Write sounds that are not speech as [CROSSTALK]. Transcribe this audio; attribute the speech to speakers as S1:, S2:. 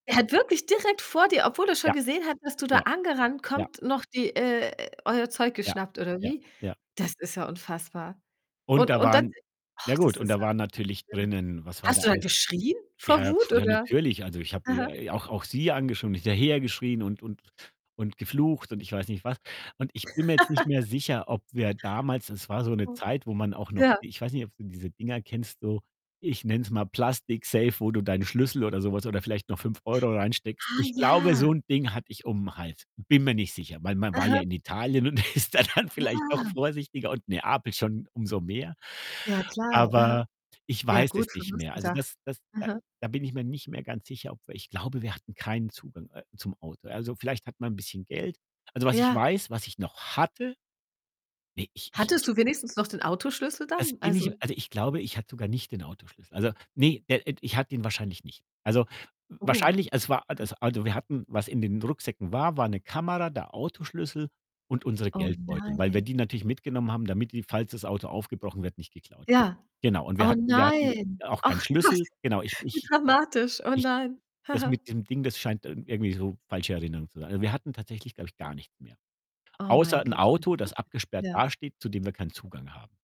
S1: Er hat wirklich direkt vor dir, obwohl er schon
S2: Ja,
S1: gesehen hat, dass du da
S2: ja,
S1: angerannt
S2: ja.
S1: kommt, noch die äh, euer Zeug
S2: Ja,
S1: geschnappt oder
S2: ja,
S1: wie?
S2: ja.
S1: Das ist ja unfassbar
S2: Und
S1: und
S2: da
S1: und dann
S2: waren na
S1: ach,
S2: gut,
S1: das
S2: und
S1: ist
S2: da
S1: ja
S2: waren natürlich
S1: schlimm.
S2: drinnen was war da
S1: Hast du da
S2: alles [UNINTELLIGIBLE]
S1: geschrien vor
S2: ja [LIP TRILL]
S1: Wut
S2: ja
S1: oder
S2: natürlich, also ich habe
S1: aha.
S2: äh äh, auch auch sie [UNINTELLIGIBLE] und hinterher geschrien und und und geflucht und ich weiß nicht was und ich bin mir jetzt nicht mehr
S1: [LAUGHS]
S2: sicher, ob wir damals das war so 'ne
S1: [UNINTELLIGIBLE]
S2: Zeit, wo man auch noch
S1: Ja.
S2: ich weiß nicht, ob du diese Dinger kennst, so, ich nenne es mal Plastiksafe, wo du deinen Schlüssel oder sowas oder vielleicht noch 5 € reinsteckst.
S1: Ha,
S2: Ich glaube, so
S1: ja.
S2: 'n Ding hatte ich um 'n Hals, bin mir nicht sicher, weil man war ja
S1: Aha.
S2: in Italien und ist da dann vielleicht
S1: Ja.
S2: doch vorsichtiger und Neapel schon umso mehr.
S1: Ja, klar, aha.
S2: Aber ich
S1: Ja
S2: weiß das
S1: gut,
S2: nicht mehr. Also,
S1: [UNINTELLIGIBLE]
S2: das das da
S1: Aha.
S2: da bin ich mir nicht mehr ganz sicher, aber ich glaube, wir hatten keinen Zugang, äh, zum Auto. Also, vielleicht hat man 'n bisschen Geld. Also, was ich
S1: Ja.
S2: weiß, was ich noch hatte Ne, ich ich
S1: Hattest
S2: ich
S1: du wenigstens noch den Autoschlüssel
S2: Das
S1: dann?
S2: bin
S1: Also
S2: ich also, ich glaube, ich hatte sogar nicht den Autoschlüssel. Also ne, der, äh, d ich hatte ihn wahrscheinlich nicht. Also, w
S1: Oh.
S2: wahrscheinlich es war a
S1: [UNINTELLIGIBLE]
S2: das also, wir hatten was in den Rucksäcken war, war 'ne Kamera, der Autoschlüssel und unsere
S1: Oh,
S2: Geldbeutel, weil wir
S1: nein.
S2: die natürlich mitgenommen haben, damit die, falls das Auto aufgebrochen wird, nicht geklaut wird.
S1: Ja,
S2: Genau und wir
S1: oh,
S2: hatten wir hatten
S1: nein,
S2: auch keinen
S1: ach Gott,
S2: Schlüssel genau, ich
S1: wie
S2: ich
S1: dramatisch, oh
S2: ich
S1: nein.
S2: das
S1: [GIGGLES]
S2: mit dem Ding, das scheint, äh, irgendwie so falsche Erinnerung zu sein. Also, wir hatten tatsächlich, glaube ich, gar nicht mehr,
S1: Oh, mei
S2: außer 'n
S1: g meine
S2: Auto,
S1: Güte,
S2: das abgesperrt
S1: ja.
S2: dasteht, zu dem wir keinen Zugang haben.